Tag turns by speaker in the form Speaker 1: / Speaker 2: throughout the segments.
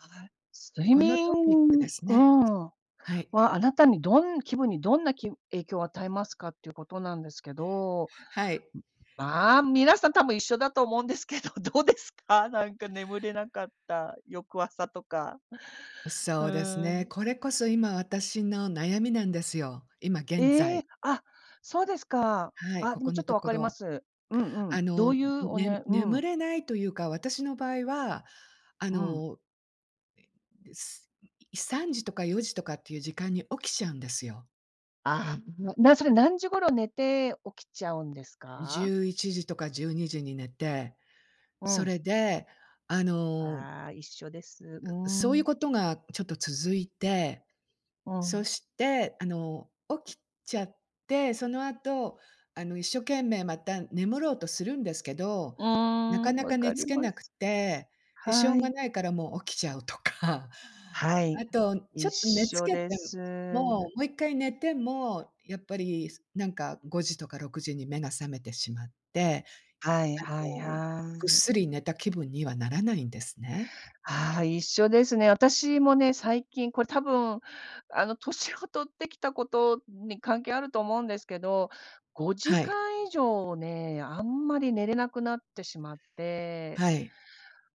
Speaker 1: あ、ははい、睡
Speaker 2: このトピックで
Speaker 1: 眠
Speaker 2: すね。
Speaker 1: は
Speaker 2: はい。
Speaker 1: は、あなたにどん気分に、どんなき影響与えますかってゆうことなんですけど、
Speaker 2: はい。
Speaker 1: まあ、皆さん多分一緒だと思うんですけど、どうですか？なんか眠れなかった翌朝とか、
Speaker 2: ん、そ
Speaker 1: う
Speaker 2: うです
Speaker 1: ー
Speaker 2: ね。
Speaker 1: ん。
Speaker 2: これこそ今私の悩みなんですよ、今現
Speaker 1: え
Speaker 2: 在。
Speaker 1: え？あ、そうですか。
Speaker 2: はい、
Speaker 1: あ、
Speaker 2: こ
Speaker 1: で
Speaker 2: こ
Speaker 1: もち
Speaker 2: の
Speaker 1: ょっと
Speaker 2: と
Speaker 1: 分
Speaker 2: こ
Speaker 1: かりま
Speaker 2: ろ。
Speaker 1: す。うんうん。
Speaker 2: あ
Speaker 1: ど
Speaker 2: の、ん
Speaker 1: う
Speaker 2: ん
Speaker 1: ゆうお
Speaker 2: ね
Speaker 1: ねう
Speaker 2: 眠
Speaker 1: ん。
Speaker 2: れないとゆうか、私の場合は、あ
Speaker 1: うん。
Speaker 2: ので、すい3時とか4時とかってゆう時間に起きちゃうんですよ。
Speaker 1: ああ、んもなんそれ、何時頃寝て、起きちゃうんです
Speaker 2: じ
Speaker 1: か？
Speaker 2: ゅういちじとか12時に寝て、
Speaker 1: う
Speaker 2: そ
Speaker 1: ん。
Speaker 2: れで、あの
Speaker 1: ああ、一緒です。うー
Speaker 2: そうゆう
Speaker 1: ん。
Speaker 2: ことがちょっと続いて、
Speaker 1: う
Speaker 2: そ
Speaker 1: ん。
Speaker 2: して、あの、起きちゃって、その後、あの、一所懸命、また眠ろうとするんですけど、
Speaker 1: うー
Speaker 2: なか
Speaker 1: ん、
Speaker 2: な
Speaker 1: 分
Speaker 2: か寝
Speaker 1: かり
Speaker 2: 付け
Speaker 1: ます。
Speaker 2: なくて、で、しょ
Speaker 1: は
Speaker 2: うが
Speaker 1: い。
Speaker 2: ないからもう起きちゃうとか。
Speaker 1: はい、
Speaker 2: あと、ち
Speaker 1: 一
Speaker 2: ょっと寝
Speaker 1: 緒
Speaker 2: 付け
Speaker 1: で
Speaker 2: て
Speaker 1: す。
Speaker 2: も、も1回寝ても、やっぱり、すなんか5時とか6時に目が覚めてしまって、
Speaker 1: はい
Speaker 2: あ
Speaker 1: はい
Speaker 2: の、
Speaker 1: は
Speaker 2: ぐっ
Speaker 1: い。
Speaker 2: すり寝た気分にはならないんですね。
Speaker 1: はあ、一緒ですね。私もね、最近これ、多分、あの、年を取ってきたことに関係あると思うんですけど、ごじ
Speaker 2: は
Speaker 1: か
Speaker 2: い。
Speaker 1: ん以上ね、あんまり寝れなくなってしまって。
Speaker 2: はい。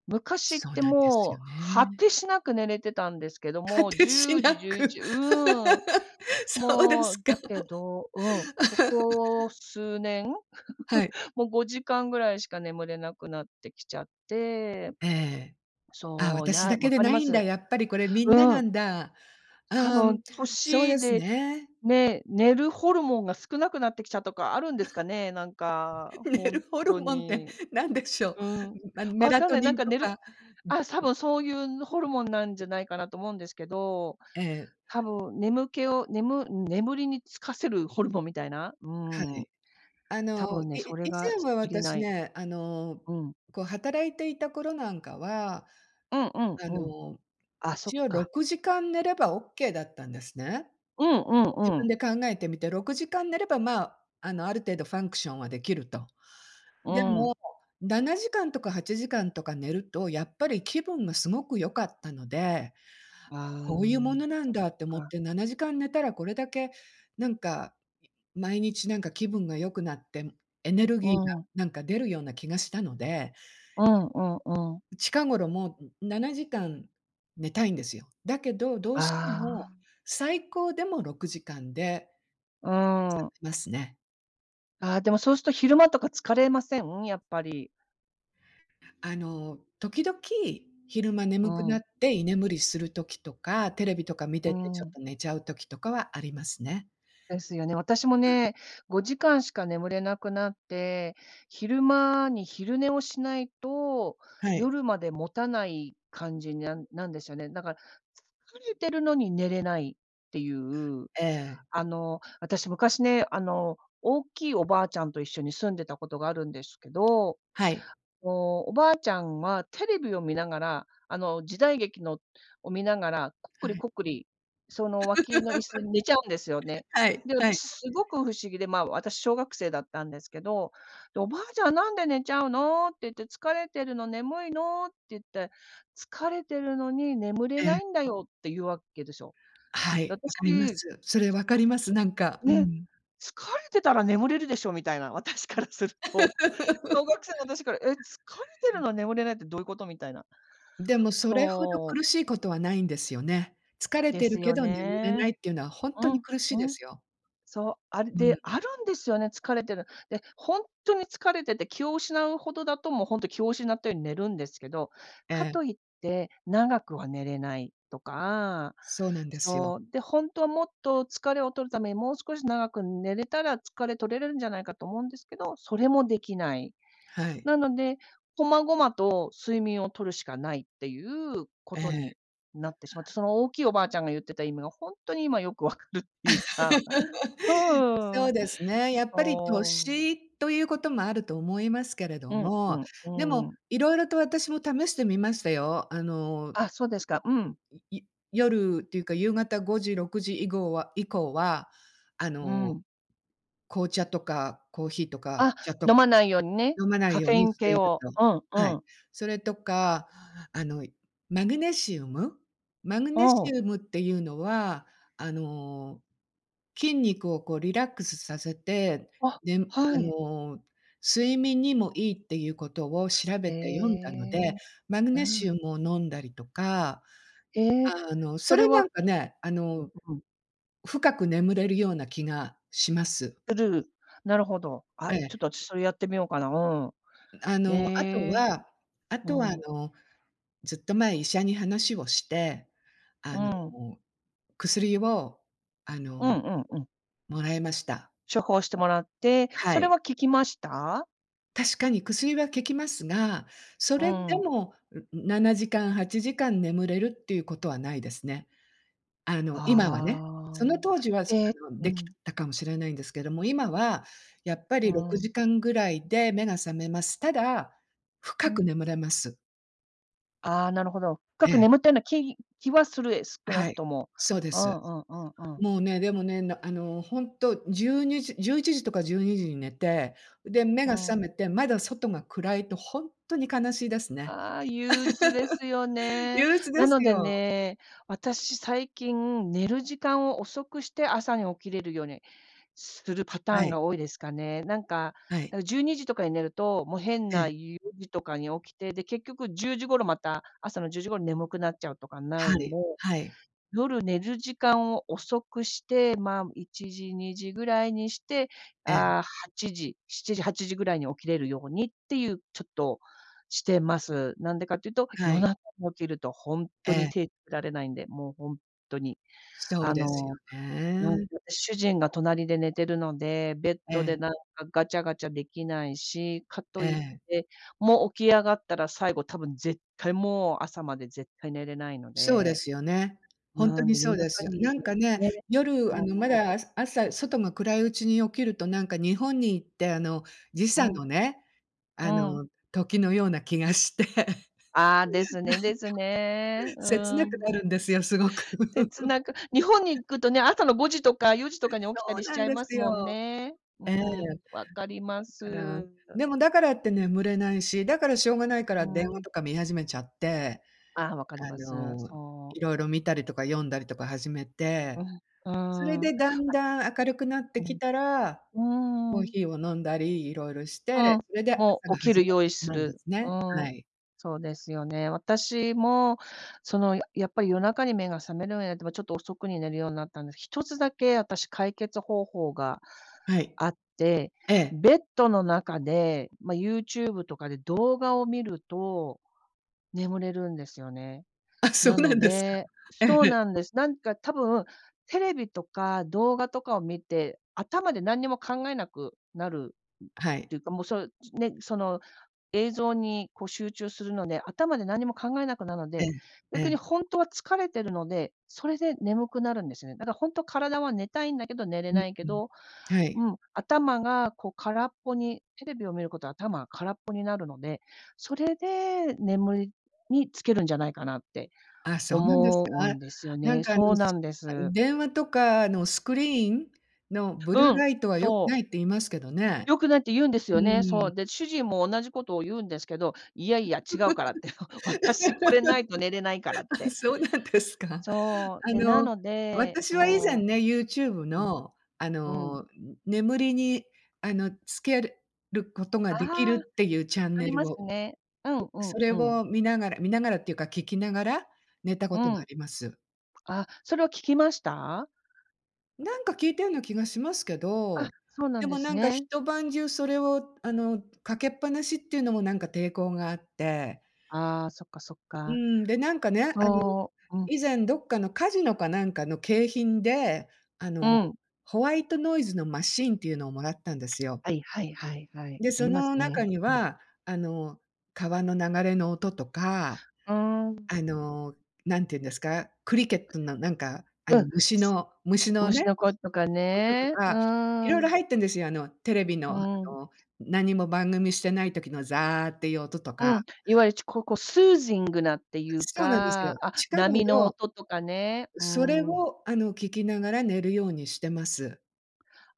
Speaker 1: 昔っ
Speaker 2: そう
Speaker 1: て
Speaker 2: なんです
Speaker 1: も
Speaker 2: よ
Speaker 1: う、果
Speaker 2: ね。
Speaker 1: てしなく寝れてたんですけど、
Speaker 2: 果
Speaker 1: もう、
Speaker 2: て
Speaker 1: じ
Speaker 2: し
Speaker 1: ゅう
Speaker 2: な
Speaker 1: じ、じゅうい
Speaker 2: く。
Speaker 1: ちうん。
Speaker 2: そうで
Speaker 1: も
Speaker 2: す
Speaker 1: う
Speaker 2: か。
Speaker 1: だけど、うん、こ こ数年、
Speaker 2: はい。
Speaker 1: も、5時間ぐらいしか眠れなくなってきちゃって。
Speaker 2: ええ、あ、
Speaker 1: そう、い
Speaker 2: 私
Speaker 1: や、
Speaker 2: だけ
Speaker 1: わ
Speaker 2: で
Speaker 1: かり
Speaker 2: な
Speaker 1: ま
Speaker 2: いんだ、
Speaker 1: す。
Speaker 2: やっぱりこれみん
Speaker 1: う
Speaker 2: なな
Speaker 1: ん。
Speaker 2: んだ。あ
Speaker 1: 多
Speaker 2: あ、
Speaker 1: 分、
Speaker 2: んそう
Speaker 1: 年
Speaker 2: です
Speaker 1: で
Speaker 2: ね。
Speaker 1: ね、寝るホルモンが少なくなってきちゃとかあるんですかね？なんか、
Speaker 2: 寝
Speaker 1: ほん
Speaker 2: るホル
Speaker 1: と
Speaker 2: モンって、
Speaker 1: に。
Speaker 2: なんでしょ
Speaker 1: うん、
Speaker 2: う？ん、ま、メ
Speaker 1: 分
Speaker 2: ラ
Speaker 1: かん
Speaker 2: ト
Speaker 1: ない、
Speaker 2: ニ
Speaker 1: なん
Speaker 2: ン
Speaker 1: か
Speaker 2: と
Speaker 1: 寝る
Speaker 2: か、ん
Speaker 1: あ、多分、そうゆう、のホルモンなんじゃないかなと思うんですけど、
Speaker 2: ええ。
Speaker 1: 多分眠気をねむ眠りにつかせるホルモンみたいな、う
Speaker 2: は
Speaker 1: ん。
Speaker 2: い。あ
Speaker 1: 多
Speaker 2: の、
Speaker 1: 分ね、
Speaker 2: い
Speaker 1: そ
Speaker 2: い
Speaker 1: れ
Speaker 2: 以
Speaker 1: が
Speaker 2: 前は
Speaker 1: 足り
Speaker 2: 私
Speaker 1: ない。
Speaker 2: ね、あの、
Speaker 1: うん。
Speaker 2: こう、働いていた頃なんかは、
Speaker 1: うんうん
Speaker 2: あ
Speaker 1: うん。
Speaker 2: の、
Speaker 1: あ、そっ
Speaker 2: 一応ろ
Speaker 1: か。
Speaker 2: くじかん寝ればオッケーだったんですね。
Speaker 1: うんうん
Speaker 2: 自
Speaker 1: う
Speaker 2: 分
Speaker 1: ん。
Speaker 2: で考えてみて、6時間寝れば、まあ、あの、ある程度ファンクションはできると。
Speaker 1: う
Speaker 2: でも、
Speaker 1: ん。
Speaker 2: 7時間とか8時間とか寝ると、やっぱり気分がすごく良かったので、
Speaker 1: ああ、
Speaker 2: こうゆうものなん
Speaker 1: そっ
Speaker 2: だって思っ
Speaker 1: か。
Speaker 2: て、7時間寝たら、これだけなんか、毎日なんか気分が良くなって、んエネル
Speaker 1: う
Speaker 2: ギーが
Speaker 1: ん。
Speaker 2: なんか出るような気がしたので
Speaker 1: うんうんうん。
Speaker 2: 近頃もう、ん7時間寝たいんですよ。だけど、どうしても、
Speaker 1: ああ。
Speaker 2: 最高でも6時間で
Speaker 1: うーん。
Speaker 2: ますね。
Speaker 1: ああ、でもそうすと昼間とか疲れません？やっぱり。
Speaker 2: あの、時々、昼間
Speaker 1: う
Speaker 2: 眠くな
Speaker 1: ん。
Speaker 2: って居眠りする時とか、テレビとか見
Speaker 1: う
Speaker 2: ててち
Speaker 1: ー
Speaker 2: ょっ
Speaker 1: ん。
Speaker 2: と寝ちゃう時とかはありますね。
Speaker 1: ですよね。私も
Speaker 2: うん。
Speaker 1: ね、5時間しか眠れなくなって、昼間に昼寝をしないと、
Speaker 2: はい。
Speaker 1: 夜まで持たない感じにななんですよね。だから、疲れてるのに寝れないってゆう
Speaker 2: ええ。
Speaker 1: あの、あたし昔ね、あの、大きいおばあちゃんと一緒に住んでたことがあるんですけど、
Speaker 2: はい。
Speaker 1: の、おばあちゃんはテレビを見ながら、あの、時代劇のを見ながら、コック
Speaker 2: は
Speaker 1: リ
Speaker 2: い。
Speaker 1: コックリ、その、脇の 椅子に寝ちゃうんですよね。
Speaker 2: はい、
Speaker 1: で、
Speaker 2: は
Speaker 1: 私
Speaker 2: い。
Speaker 1: すごく不思議で、ま、私小学生だったんですけど、で、「おばあちゃんなんで寝ちゃうの？」って言って、「疲れてるの？眠いの？」って言って、「疲れてるのに眠れ
Speaker 2: え
Speaker 1: な
Speaker 2: え。
Speaker 1: いんだよ」ってゆうわけですよ。
Speaker 2: は
Speaker 1: で、
Speaker 2: い、
Speaker 1: あた
Speaker 2: わ
Speaker 1: し
Speaker 2: かります。それわかります、なんか、う
Speaker 1: ね、
Speaker 2: ん。
Speaker 1: 「疲れてたら眠れるでしょ」みたいな、私からすると。小学生の私から、「え？疲れ てるの、眠れないってどういうこと？」みたいな。
Speaker 2: でも、それほど
Speaker 1: そう。
Speaker 2: 苦しいことはないんですよね。疲れ
Speaker 1: で
Speaker 2: てる
Speaker 1: す
Speaker 2: け
Speaker 1: よ
Speaker 2: ど眠れな
Speaker 1: ね。
Speaker 2: いっていうのはほん
Speaker 1: う
Speaker 2: とに
Speaker 1: ん、
Speaker 2: 苦しい
Speaker 1: う
Speaker 2: で
Speaker 1: ん。
Speaker 2: すよ。
Speaker 1: そう、ある
Speaker 2: うん。
Speaker 1: で、あるんですよね、疲れてる。で、ほんとに疲れてて気を失うほどだと、もうほんと気を失ったように寝るんですけど、
Speaker 2: え
Speaker 1: か
Speaker 2: え。
Speaker 1: といって、長くは寝れないとか、
Speaker 2: そうなんですよ。
Speaker 1: そう、で、ほんとはもっと疲れを取るために、もう少し長く寝れたら疲れ取れるんじゃないかと思うんですけど、それもできない。
Speaker 2: はい。
Speaker 1: なのでこまごまと睡眠を取るしかないってゆうこ
Speaker 2: え
Speaker 1: と
Speaker 2: え。
Speaker 1: になってしまって、その大きいおばあちゃんがゆってた意味がほんとに今よく分かるってゆうか。う んう
Speaker 2: そう
Speaker 1: ん。
Speaker 2: ですね。やっぱり
Speaker 1: そう、うん。
Speaker 2: 年とゆうこともあると思いますけれど
Speaker 1: うん、う
Speaker 2: も、
Speaker 1: ん、う
Speaker 2: で
Speaker 1: ん
Speaker 2: も、
Speaker 1: うん。
Speaker 2: 色々と私も試してみましたよ。あの、
Speaker 1: あ、そうですか、うん。
Speaker 2: い夜っていうか、夕方5時6時いごうは以降は、あ
Speaker 1: う
Speaker 2: の、
Speaker 1: ん。
Speaker 2: 紅茶とかコーヒーとか
Speaker 1: あ、
Speaker 2: お茶と
Speaker 1: 飲
Speaker 2: か
Speaker 1: まないようにね、
Speaker 2: 飲まな
Speaker 1: カ
Speaker 2: いよ
Speaker 1: フ
Speaker 2: う
Speaker 1: ェイ
Speaker 2: に
Speaker 1: ン
Speaker 2: して
Speaker 1: 系
Speaker 2: いる
Speaker 1: を。
Speaker 2: と。
Speaker 1: うんう
Speaker 2: はい。
Speaker 1: ん
Speaker 2: それとか、あの、マグネシウム。マグネ
Speaker 1: う
Speaker 2: シ
Speaker 1: ん。
Speaker 2: ウムっていうのは、あの、筋肉をこうリラックスさせて、
Speaker 1: あ、
Speaker 2: ねむあ
Speaker 1: はい。
Speaker 2: の、睡眠にもいいってゆうことを調べ
Speaker 1: え
Speaker 2: て読んだので、
Speaker 1: え、
Speaker 2: マグ
Speaker 1: う
Speaker 2: ネシ
Speaker 1: ん。
Speaker 2: ウムを飲んだりとか、
Speaker 1: へえ、
Speaker 2: あの、そ
Speaker 1: それ
Speaker 2: れな
Speaker 1: は
Speaker 2: んかね、あの
Speaker 1: うんうん。
Speaker 2: 深く眠れるような気がします。
Speaker 1: なるほど。あ、
Speaker 2: え
Speaker 1: ちょっ
Speaker 2: え。
Speaker 1: と私それやってみようかな、う
Speaker 2: ん、あ
Speaker 1: ん。
Speaker 2: の、あと
Speaker 1: ええ。
Speaker 2: はあとは、あ
Speaker 1: うん。
Speaker 2: の、ずっと前医者に話をして、あ
Speaker 1: うん。
Speaker 2: の、薬を、あ
Speaker 1: う
Speaker 2: の、
Speaker 1: んうんうん。
Speaker 2: もらいました。
Speaker 1: 処方してもらって、
Speaker 2: は
Speaker 1: それ
Speaker 2: い。
Speaker 1: は効きました？
Speaker 2: 確かに薬は効きますが、そ
Speaker 1: う
Speaker 2: れで
Speaker 1: ん。
Speaker 2: もん、ん7時間8時間眠れるっていうことはないですね。あの、今はね、
Speaker 1: あ
Speaker 2: そ
Speaker 1: あ、
Speaker 2: の当時は、あ
Speaker 1: え
Speaker 2: の
Speaker 1: う
Speaker 2: でき
Speaker 1: ん。
Speaker 2: たかもしれないんですけども、今はやっぱ
Speaker 1: う
Speaker 2: りろくじ
Speaker 1: ん。
Speaker 2: かんぐらいで目が覚めます。ただ、
Speaker 1: う
Speaker 2: 深
Speaker 1: ん。
Speaker 2: く眠れます。
Speaker 1: ああ、なるほど。
Speaker 2: え
Speaker 1: 深く
Speaker 2: え。
Speaker 1: 眠ったような気気はするえ少な
Speaker 2: は
Speaker 1: く
Speaker 2: い、
Speaker 1: とも。
Speaker 2: そうで
Speaker 1: う
Speaker 2: す。
Speaker 1: んうんうんうん。
Speaker 2: もうね、でもね、なあのほんと、12時11時とか12時に寝て、で、目
Speaker 1: う
Speaker 2: が覚
Speaker 1: ん。
Speaker 2: めてまだ外が暗いとほんっとに悲しいですね。
Speaker 1: ああ、憂鬱ですよ ね。
Speaker 2: 憂鬱
Speaker 1: な
Speaker 2: です
Speaker 1: ので
Speaker 2: よ。
Speaker 1: ね、私最近、寝る時間を遅くして朝に起きれるようにするパタ
Speaker 2: は
Speaker 1: ーン
Speaker 2: い。
Speaker 1: が多いですかね。なんか
Speaker 2: はい。
Speaker 1: 12時とかに寝ると、もう変
Speaker 2: え
Speaker 1: な
Speaker 2: え。
Speaker 1: 4時とかに起きて、で、結局10時頃また朝の10時頃眠くなっちゃうとかにな
Speaker 2: は
Speaker 1: るんで、
Speaker 2: い、はい。
Speaker 1: 夜寝る時間を遅くして、まあ、1時2時ぐらいにして、
Speaker 2: ええ。
Speaker 1: ああ、8時7時、8時ぐらいに起きれるようにっていう、ちょっとしてます。なんでかっていうと、
Speaker 2: は
Speaker 1: 夜
Speaker 2: い。
Speaker 1: 中に起きると、ほん
Speaker 2: え
Speaker 1: とに
Speaker 2: え。
Speaker 1: 手つけられないんで、もう、ほんっとに。
Speaker 2: そう
Speaker 1: あ
Speaker 2: ですよ
Speaker 1: の、なんか
Speaker 2: ね。
Speaker 1: 主人が隣で寝てるので、ベッ
Speaker 2: え
Speaker 1: ドで
Speaker 2: え。
Speaker 1: なんかガチャガチャできないし、かと
Speaker 2: え
Speaker 1: い
Speaker 2: え。
Speaker 1: って、もう起き上がったら、最後、多分絶対もう朝まで絶対寝れないの
Speaker 2: そうで
Speaker 1: で。
Speaker 2: すよね。ほんと
Speaker 1: なん
Speaker 2: に
Speaker 1: で
Speaker 2: そ
Speaker 1: 夜
Speaker 2: うで
Speaker 1: 中
Speaker 2: す。
Speaker 1: に、
Speaker 2: なんかね、
Speaker 1: ね、
Speaker 2: 夜、
Speaker 1: そ
Speaker 2: あの、ま
Speaker 1: う
Speaker 2: だあ朝、外が暗いうちに起きるとなんか日本に行ってあの、時
Speaker 1: う
Speaker 2: 差
Speaker 1: ん。
Speaker 2: のね、
Speaker 1: う
Speaker 2: あ
Speaker 1: ん。
Speaker 2: の時のような気がしてなんか
Speaker 1: ああ、ですねですね、う
Speaker 2: 切なく
Speaker 1: ん。
Speaker 2: なるんですよ、すごく。
Speaker 1: 切なく日本に 行くとね、朝の5時とか4時とかに起きた
Speaker 2: そう
Speaker 1: りし
Speaker 2: な
Speaker 1: ち
Speaker 2: ん
Speaker 1: ゃい
Speaker 2: で
Speaker 1: ま
Speaker 2: す
Speaker 1: すもん
Speaker 2: よ。
Speaker 1: ね。
Speaker 2: ええ。
Speaker 1: うん、わかりま
Speaker 2: だから、
Speaker 1: す。
Speaker 2: でもだからって眠れないし、だからしょうがないか
Speaker 1: うー
Speaker 2: ら電話
Speaker 1: ん。
Speaker 2: とか見始めちゃって、
Speaker 1: ああ、分かり
Speaker 2: あ
Speaker 1: ます。
Speaker 2: の、
Speaker 1: そう。
Speaker 2: いろいろ見たりとか読んだりとか始め
Speaker 1: う
Speaker 2: て、
Speaker 1: ん、うー
Speaker 2: それ
Speaker 1: ん。あ。
Speaker 2: でだんだん明るくなって
Speaker 1: う
Speaker 2: きたら、
Speaker 1: ん、
Speaker 2: コ
Speaker 1: うー
Speaker 2: ー
Speaker 1: ん。
Speaker 2: ヒーを飲んだり色々し
Speaker 1: うん、
Speaker 2: て、それで朝
Speaker 1: もう
Speaker 2: が
Speaker 1: 起き
Speaker 2: 始
Speaker 1: る
Speaker 2: まっ
Speaker 1: 用
Speaker 2: て
Speaker 1: 意
Speaker 2: し
Speaker 1: す
Speaker 2: まうんで
Speaker 1: る。
Speaker 2: す
Speaker 1: う
Speaker 2: ね。
Speaker 1: ん。
Speaker 2: はい。
Speaker 1: そうですよね。私もそのややっぱり夜中に目が覚めるようになっても、ちょっと遅くに寝るようになったんです。一つだけ私、解決方法が
Speaker 2: はい。
Speaker 1: あって、
Speaker 2: ええ。
Speaker 1: ベッドの中で、まあ、YouTube とかで動画を見ると、眠れるんですよね。
Speaker 2: あ、そう
Speaker 1: な
Speaker 2: な
Speaker 1: の
Speaker 2: んですか。
Speaker 1: で、
Speaker 2: え
Speaker 1: そう
Speaker 2: え。
Speaker 1: なんです。なんか多分、テレビとか動画とかを見て、頭で何にも考えなくなる
Speaker 2: は
Speaker 1: っ
Speaker 2: い。
Speaker 1: ていうか、もう、そうね、その映像にこう集中するので、頭で何も考えなくなの
Speaker 2: え
Speaker 1: で、
Speaker 2: え、え
Speaker 1: 逆に
Speaker 2: え。
Speaker 1: ほんとは疲れてるので、それで眠くなるんですよね。だからほんと、体は寝たいんだけど寝れ
Speaker 2: うん、
Speaker 1: ないけ
Speaker 2: うん。
Speaker 1: ど、
Speaker 2: はい。
Speaker 1: うん、頭がこう空っぽに、テレビを見ることは頭が空っぽになるので、それで眠りにつけるんじゃないかなって、
Speaker 2: あ、そうなんです
Speaker 1: 思う
Speaker 2: か？
Speaker 1: んですよ
Speaker 2: なん
Speaker 1: ね。
Speaker 2: か、あ
Speaker 1: そ
Speaker 2: の
Speaker 1: うな
Speaker 2: す
Speaker 1: んで
Speaker 2: あの
Speaker 1: す。
Speaker 2: 電話とかの、スクリーンのブルー
Speaker 1: うん、
Speaker 2: ライトは良く
Speaker 1: そ
Speaker 2: な
Speaker 1: う。
Speaker 2: いって言いますけどね。
Speaker 1: 良くないって言うんです
Speaker 2: う
Speaker 1: よね。
Speaker 2: ー
Speaker 1: そ
Speaker 2: ん。
Speaker 1: う。で、主人も同じことを言うんですけど、いやい や違うからって、私これないと寝れないからっ
Speaker 2: あ、
Speaker 1: て。
Speaker 2: そうなんですか。
Speaker 1: そう、
Speaker 2: あ
Speaker 1: で、な
Speaker 2: の、
Speaker 1: ので、
Speaker 2: 私は以前
Speaker 1: そ
Speaker 2: ね、YouTube
Speaker 1: ううん、
Speaker 2: の、あ
Speaker 1: うん。
Speaker 2: の眠りにあのつけることが
Speaker 1: あ
Speaker 2: でき
Speaker 1: あ、
Speaker 2: るっていうチャン
Speaker 1: あ
Speaker 2: ネ
Speaker 1: りま
Speaker 2: ル
Speaker 1: す
Speaker 2: を、
Speaker 1: ね。うんうん
Speaker 2: それ
Speaker 1: うん。
Speaker 2: を見ながら見ながらっていうか、聞きながら寝たこ
Speaker 1: う
Speaker 2: とがあ
Speaker 1: ん。
Speaker 2: ります。
Speaker 1: あ、それは効きました？
Speaker 2: なんか効いたような気がしますけ
Speaker 1: あ、
Speaker 2: ど、
Speaker 1: そうなん
Speaker 2: で
Speaker 1: で
Speaker 2: も
Speaker 1: す
Speaker 2: なんか
Speaker 1: ね。
Speaker 2: 一晩中それをあの、かけっぱなしっていうのもなんか抵抗があって
Speaker 1: ああ、そっかそっ
Speaker 2: う
Speaker 1: か。
Speaker 2: ん、でなんかね、あの
Speaker 1: そう、うん。
Speaker 2: 以前どっかのカジノかなんかの景品で、あ
Speaker 1: う
Speaker 2: の、
Speaker 1: ん。
Speaker 2: ホワイトノイズのマシーンっていうのをもらったんですよ。
Speaker 1: はいはいはいはい、
Speaker 2: で、
Speaker 1: な
Speaker 2: そ
Speaker 1: ります
Speaker 2: の中
Speaker 1: ね。
Speaker 2: に
Speaker 1: うん。
Speaker 2: は、あの、川の流れの音とか、
Speaker 1: うーん。
Speaker 2: あの、何て言うんですか、クリケットのなんかあ
Speaker 1: う
Speaker 2: の、
Speaker 1: ん。
Speaker 2: 虫
Speaker 1: す、
Speaker 2: の虫の
Speaker 1: 虫
Speaker 2: ね。
Speaker 1: の声とか
Speaker 2: 音と
Speaker 1: ね、う
Speaker 2: か、色
Speaker 1: ー
Speaker 2: 々
Speaker 1: ん。
Speaker 2: 入ってるんですよ。あのテレビ
Speaker 1: う
Speaker 2: のあ
Speaker 1: ん。
Speaker 2: の何も番組してない時のザーっていう音と
Speaker 1: う
Speaker 2: か。
Speaker 1: ん、いわゆるちここスージングなっていう
Speaker 2: そうなんです
Speaker 1: か、
Speaker 2: よ。
Speaker 1: あ、
Speaker 2: 近
Speaker 1: 波の
Speaker 2: 頃
Speaker 1: 音とかね、う
Speaker 2: それ
Speaker 1: ん。
Speaker 2: を、あの、聞きながら寝るようにしてます。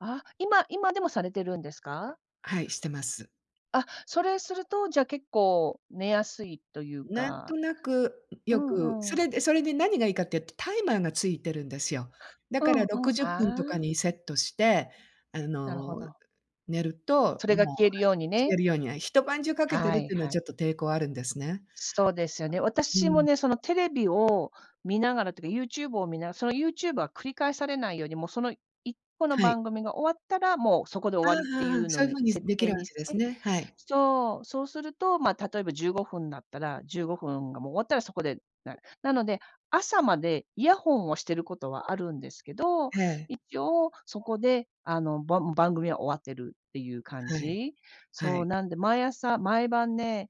Speaker 1: あ、今今でもされてるんですか？
Speaker 2: はい、してます。
Speaker 1: あ、それすると、じゃ、結構寝やすいという
Speaker 2: 何
Speaker 1: か。
Speaker 2: となく
Speaker 1: う
Speaker 2: 良く、
Speaker 1: んう
Speaker 2: そ
Speaker 1: ん。
Speaker 2: れでそれで何が良いかって言うと、タイマーが付いているんですよ。だ
Speaker 1: う
Speaker 2: から
Speaker 1: ん
Speaker 2: ろ
Speaker 1: うん、
Speaker 2: くじゅっ
Speaker 1: あ
Speaker 2: ぷんとか
Speaker 1: あ。
Speaker 2: にセットして、あ
Speaker 1: なるほ
Speaker 2: の、
Speaker 1: ど。
Speaker 2: 寝ると、
Speaker 1: それが、
Speaker 2: もう、
Speaker 1: 消える
Speaker 2: あ
Speaker 1: ように
Speaker 2: 消え
Speaker 1: ね。
Speaker 2: るようには一晩中かけて
Speaker 1: は
Speaker 2: るっ
Speaker 1: い
Speaker 2: ていうのは
Speaker 1: は
Speaker 2: ち
Speaker 1: い。
Speaker 2: ょっと抵抗あるんですね。
Speaker 1: そうですよね。
Speaker 2: う
Speaker 1: 私も
Speaker 2: ん。
Speaker 1: ね、そのテレビを見ながらとか、YouTube を見なその YouTube は繰り返されないように、もう、その1個の
Speaker 2: はい。
Speaker 1: 番組が終わったら、もう、そこで終
Speaker 2: ああ、
Speaker 1: わりってい
Speaker 2: はあ、
Speaker 1: うの
Speaker 2: そういう
Speaker 1: に
Speaker 2: 風に、
Speaker 1: 設
Speaker 2: 出来
Speaker 1: 定
Speaker 2: る
Speaker 1: にし
Speaker 2: 訳です
Speaker 1: て
Speaker 2: ね。はい。
Speaker 1: そう。そうすると、まあ、例えば15分だったら、15分がもう終わったら、そこで、ななので、朝までイヤホンをしてる事は、あるんですけど、
Speaker 2: へえ。
Speaker 1: 一応そこで、あの、ばん番組は終わってるっていう感
Speaker 2: はい、
Speaker 1: じ。
Speaker 2: は
Speaker 1: そう、
Speaker 2: い。
Speaker 1: なんで、毎朝、毎晩ね、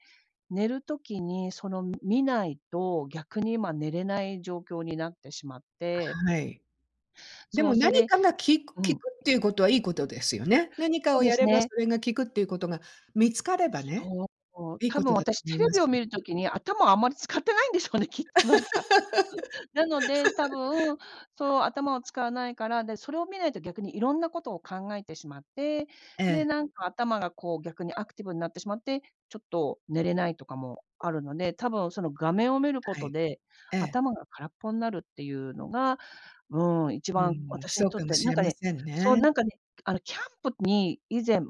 Speaker 1: 寝る時に、その見ないと、逆に今寝れない状況になってしまっ
Speaker 2: あ、
Speaker 1: て
Speaker 2: はい。で
Speaker 1: そ
Speaker 2: も、
Speaker 1: う、そ
Speaker 2: 何
Speaker 1: れ
Speaker 2: かが効く効
Speaker 1: う
Speaker 2: く
Speaker 1: ん。
Speaker 2: っていう事は、良い事ですよね。何か
Speaker 1: そ
Speaker 2: を
Speaker 1: うで
Speaker 2: や
Speaker 1: す
Speaker 2: れば、
Speaker 1: ね。
Speaker 2: それが効くっていう事が、見つかればね、
Speaker 1: そう。
Speaker 2: 良い
Speaker 1: 多分
Speaker 2: 事だと
Speaker 1: 私、
Speaker 2: 思い
Speaker 1: テレ
Speaker 2: ま
Speaker 1: ビを
Speaker 2: す。
Speaker 1: 見る時に、頭をあんまり使ってないんでしょうね、きっと、何か。そう。なので、多 分、そう頭を使わないから、で、それを見ないと逆に色んな事を考えてしまって、
Speaker 2: え
Speaker 1: で、
Speaker 2: え。
Speaker 1: 何か頭が、こう逆にアクティブになってしまって、ちょっと寝れないとかもあるので、多分、その画面を見る
Speaker 2: は
Speaker 1: 事
Speaker 2: い、
Speaker 1: で、
Speaker 2: ええ。
Speaker 1: 頭が空っぽになるっていうのが、うーん、一
Speaker 2: うー
Speaker 1: 番
Speaker 2: ん。
Speaker 1: 私に
Speaker 2: そう
Speaker 1: とっ
Speaker 2: かも
Speaker 1: て、
Speaker 2: し
Speaker 1: 何
Speaker 2: れ
Speaker 1: か
Speaker 2: ま
Speaker 1: ね、
Speaker 2: せん
Speaker 1: そう
Speaker 2: ね。
Speaker 1: 何かね、あの、キャンプに、以前、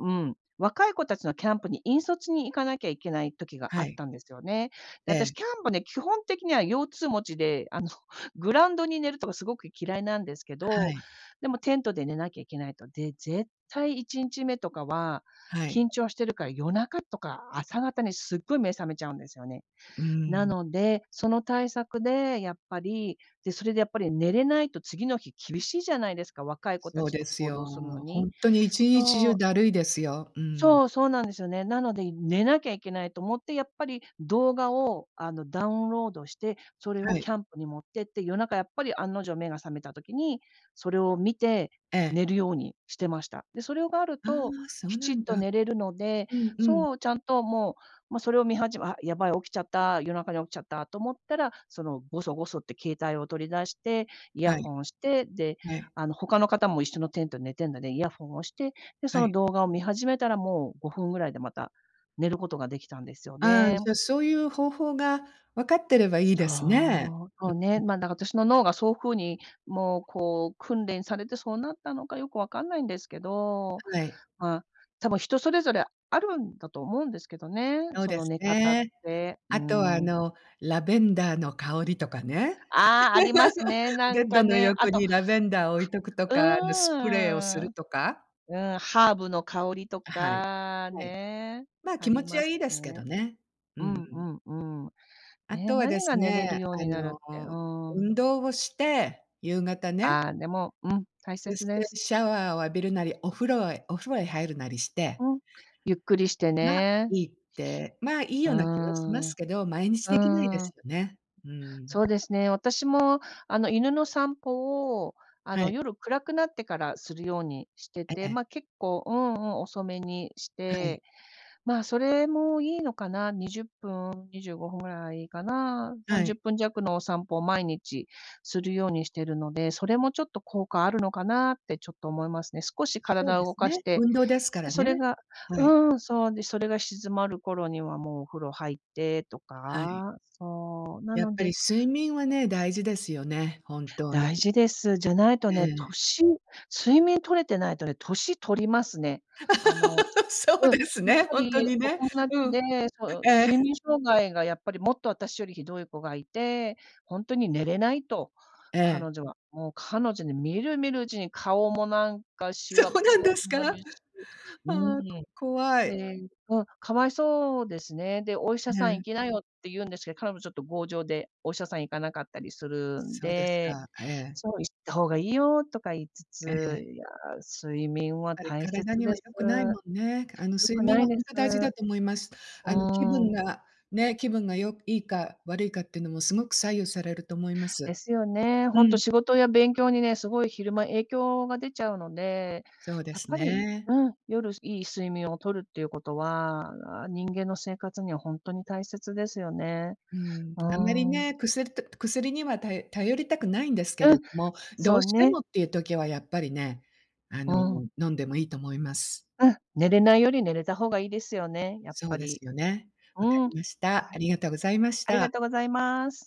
Speaker 1: 若い子達のキャンプに引率に行かなきゃいけない時が、あ
Speaker 2: は
Speaker 1: っ
Speaker 2: い。
Speaker 1: たんですよね。で、
Speaker 2: え
Speaker 1: 私、
Speaker 2: え。
Speaker 1: キャンプね、基本的には腰痛持ちで、あの、グラウンドに寝るとか、凄く嫌いなんですけ
Speaker 2: は
Speaker 1: ど、
Speaker 2: い。
Speaker 1: でもテントで寝なきゃいけないと。で、絶対1日目とかは、
Speaker 2: はい。
Speaker 1: 緊張してるから、夜中とか、朝方に、すっごい目覚めちゃうんですよね。
Speaker 2: うー
Speaker 1: な
Speaker 2: ん。
Speaker 1: ので、その対策で、やっぱり、で、それで、やっぱり寝れないと次の日厳しいじゃないですか、若い子
Speaker 2: そう
Speaker 1: 達
Speaker 2: で
Speaker 1: と
Speaker 2: す
Speaker 1: 行動するの
Speaker 2: よ。
Speaker 1: に。
Speaker 2: 本当に一日中、怠いですよ。うーん。
Speaker 1: そう、そうなんですよね。なので、寝なきゃいけないと思って、やっぱり動画を、あの、ダウンロードして、それを
Speaker 2: はい。
Speaker 1: キャンプに持ってって、夜中やっぱり案の定、目が覚めた時に、それを見て、
Speaker 2: ええ。
Speaker 1: 寝るようにしてました。で、それがある
Speaker 2: あ
Speaker 1: と、
Speaker 2: あ、そう
Speaker 1: き
Speaker 2: な
Speaker 1: ちっ
Speaker 2: ん
Speaker 1: と
Speaker 2: だ。
Speaker 1: 寝れるので。
Speaker 2: うんうん。
Speaker 1: そう、ちゃんともう、ま、それを見始あ、やばい起きちゃった、夜中に起きちゃったと思ったら、その、ごそごそって携帯を取り出して、イヤ
Speaker 2: はい。
Speaker 1: ホンして、で、
Speaker 2: はい。
Speaker 1: あの、他の方も一緒のテントで寝ているので、イヤホンをして、で、そ
Speaker 2: は
Speaker 1: の
Speaker 2: い。
Speaker 1: 動画を見始めたら、もう5分位で、また寝る事が出来たんですよ
Speaker 2: ああ、
Speaker 1: ね。
Speaker 2: じゃ、そういう方法が分かってれば、良いですね。
Speaker 1: そう、そう
Speaker 2: うんう
Speaker 1: ね。
Speaker 2: ん。
Speaker 1: ま、だから私の脳が、そう風に、もうこう訓練されてそうなったのか良く分かんないんですけど、
Speaker 2: はい。
Speaker 1: まあ、多分、人それぞれあるんだと思うんですけどね、
Speaker 2: そう
Speaker 1: そ
Speaker 2: で
Speaker 1: の
Speaker 2: す
Speaker 1: 寝方っ
Speaker 2: ね。
Speaker 1: て。うー
Speaker 2: 後は、あ
Speaker 1: ん。
Speaker 2: のラベンダーの香りとかね。
Speaker 1: ああ、あります。
Speaker 2: ベ
Speaker 1: 何
Speaker 2: ッド
Speaker 1: か
Speaker 2: の
Speaker 1: ね、
Speaker 2: 横
Speaker 1: 後、あ、
Speaker 2: に、ラベンダーを置いとくと
Speaker 1: う
Speaker 2: か、あのスプレーをす
Speaker 1: ー
Speaker 2: る
Speaker 1: ん。そう。
Speaker 2: とか。
Speaker 1: うん、ハーブの香りと
Speaker 2: あ、はい。
Speaker 1: か、
Speaker 2: はい。
Speaker 1: ね、
Speaker 2: まあ、
Speaker 1: あ
Speaker 2: 気持
Speaker 1: り
Speaker 2: ちは
Speaker 1: ま
Speaker 2: 良
Speaker 1: す
Speaker 2: いですけど
Speaker 1: ね。
Speaker 2: ね。う
Speaker 1: う
Speaker 2: ー
Speaker 1: んう
Speaker 2: ん。
Speaker 1: んうん。ね、
Speaker 2: 後はで
Speaker 1: 何が
Speaker 2: す
Speaker 1: 寝れる
Speaker 2: ね、
Speaker 1: よう
Speaker 2: あ
Speaker 1: になるってう
Speaker 2: の、運
Speaker 1: ん。
Speaker 2: 動をして、夕方ね。
Speaker 1: ああ、でも、うん、大
Speaker 2: そ
Speaker 1: 切
Speaker 2: し
Speaker 1: で
Speaker 2: て、
Speaker 1: す。
Speaker 2: シャワーを浴びるなり、お風呂へお風呂へ入るなりして
Speaker 1: うん、ゆっくりして
Speaker 2: が、
Speaker 1: ね。
Speaker 2: 良いって、まあ、良い
Speaker 1: う
Speaker 2: よ
Speaker 1: ー
Speaker 2: うな気がしま
Speaker 1: ん、
Speaker 2: す
Speaker 1: う
Speaker 2: けど、毎日出来ないで
Speaker 1: ー
Speaker 2: す
Speaker 1: ん。
Speaker 2: よね。うーん。
Speaker 1: そうですね。私も、あの犬の散歩を、あ
Speaker 2: は
Speaker 1: の
Speaker 2: い。
Speaker 1: 夜暗くなってからするようにして
Speaker 2: え
Speaker 1: て、
Speaker 2: え。
Speaker 1: ま、結構、うんうん、遅めにし
Speaker 2: はい。
Speaker 1: て、まあ、それも良いのかな、20分、25分ぐらいかな。さ
Speaker 2: は
Speaker 1: んじゅ
Speaker 2: い。
Speaker 1: っぷんじゃくのお散歩を毎日するようにしてるので、それもちょっと効果あるのかなって、ちょっと思いますね。少し
Speaker 2: そう
Speaker 1: 体
Speaker 2: で
Speaker 1: を
Speaker 2: す
Speaker 1: 動かし
Speaker 2: ね、
Speaker 1: て、
Speaker 2: 運動ですか
Speaker 1: で、
Speaker 2: ら
Speaker 1: それ
Speaker 2: ね。
Speaker 1: が
Speaker 2: はい。
Speaker 1: うん。そう、で、それが静まる頃には、もうお風呂入ってと
Speaker 2: はい。
Speaker 1: か、そう、な
Speaker 2: やっ
Speaker 1: の
Speaker 2: ぱり
Speaker 1: で
Speaker 2: 睡眠はね、大事ですよね。本当に。
Speaker 1: 大事です。じゃないと
Speaker 2: え
Speaker 1: ね、
Speaker 2: え。
Speaker 1: 年睡眠取れてないとね、年取りますね。あの
Speaker 2: そう
Speaker 1: うん。
Speaker 2: です
Speaker 1: やっ
Speaker 2: ね、
Speaker 1: ぱ
Speaker 2: ほんと
Speaker 1: り
Speaker 2: に
Speaker 1: お
Speaker 2: ね。
Speaker 1: 友達
Speaker 2: うん。
Speaker 1: で、そう
Speaker 2: ええ。
Speaker 1: 睡眠障害が、やっぱり、もっと私より酷い子がいて、ほんとに寝れないと、
Speaker 2: ええ。
Speaker 1: 彼女は。もう彼女に見る見るうちに顔も何か、シ
Speaker 2: そ
Speaker 1: ワっ
Speaker 2: うなん
Speaker 1: ぽく
Speaker 2: ですか？
Speaker 1: な
Speaker 2: ああ、
Speaker 1: るしうん。
Speaker 2: こ怖い。
Speaker 1: で、うん、可哀そうですね。で「お医者さん
Speaker 2: え
Speaker 1: 行
Speaker 2: え。
Speaker 1: きなよ」って言うんですけど、彼女ちょっと強情で、お医者さん行かなかったりするん
Speaker 2: そうです
Speaker 1: で、
Speaker 2: か。ええ。
Speaker 1: そう、「行った方が良いよ」とか言いつ
Speaker 2: ええ。
Speaker 1: つ、いや睡眠は
Speaker 2: ぱり、
Speaker 1: 大
Speaker 2: 体
Speaker 1: 切
Speaker 2: には
Speaker 1: です。
Speaker 2: 良くないもんね。かあの、
Speaker 1: 良
Speaker 2: 睡
Speaker 1: く
Speaker 2: 眠
Speaker 1: ない
Speaker 2: は、
Speaker 1: で
Speaker 2: ほん
Speaker 1: す。
Speaker 2: と大事だと思います。
Speaker 1: う
Speaker 2: あの気
Speaker 1: ー
Speaker 2: 分
Speaker 1: ん。
Speaker 2: が、ね、気分がよ良いか、悪いかって言うのも凄いく左右されると思いま
Speaker 1: で
Speaker 2: す。
Speaker 1: すよね。
Speaker 2: う
Speaker 1: ほんと、
Speaker 2: ん。
Speaker 1: 仕事や勉強にね、凄い、昼間影響が出ちゃうので、
Speaker 2: そうで
Speaker 1: やっ
Speaker 2: す
Speaker 1: ぱり
Speaker 2: ね。
Speaker 1: うん。夜良い睡眠を取るっていう事は、あ、人間の生活には、ほんとに大切ですよね。
Speaker 2: うーん。
Speaker 1: う
Speaker 2: あんまり
Speaker 1: ーん。
Speaker 2: ね。薬と薬には、たよ頼りたくないんですけ
Speaker 1: う
Speaker 2: れ
Speaker 1: ん、
Speaker 2: ども、ど
Speaker 1: そ
Speaker 2: う
Speaker 1: う
Speaker 2: して
Speaker 1: ね。
Speaker 2: もっていう時は、やっぱりね、あ
Speaker 1: う
Speaker 2: の、
Speaker 1: ん。
Speaker 2: 飲んでも良いと思います。
Speaker 1: うん。寝れないより、寝れた方が良いですよね。やっ
Speaker 2: そう
Speaker 1: ぱ
Speaker 2: です
Speaker 1: り。
Speaker 2: よね。
Speaker 1: う
Speaker 2: 分か
Speaker 1: ん、
Speaker 2: りました。
Speaker 1: は
Speaker 2: あ
Speaker 1: い。
Speaker 2: りがとうございまし
Speaker 1: ありが
Speaker 2: た。
Speaker 1: とうございます。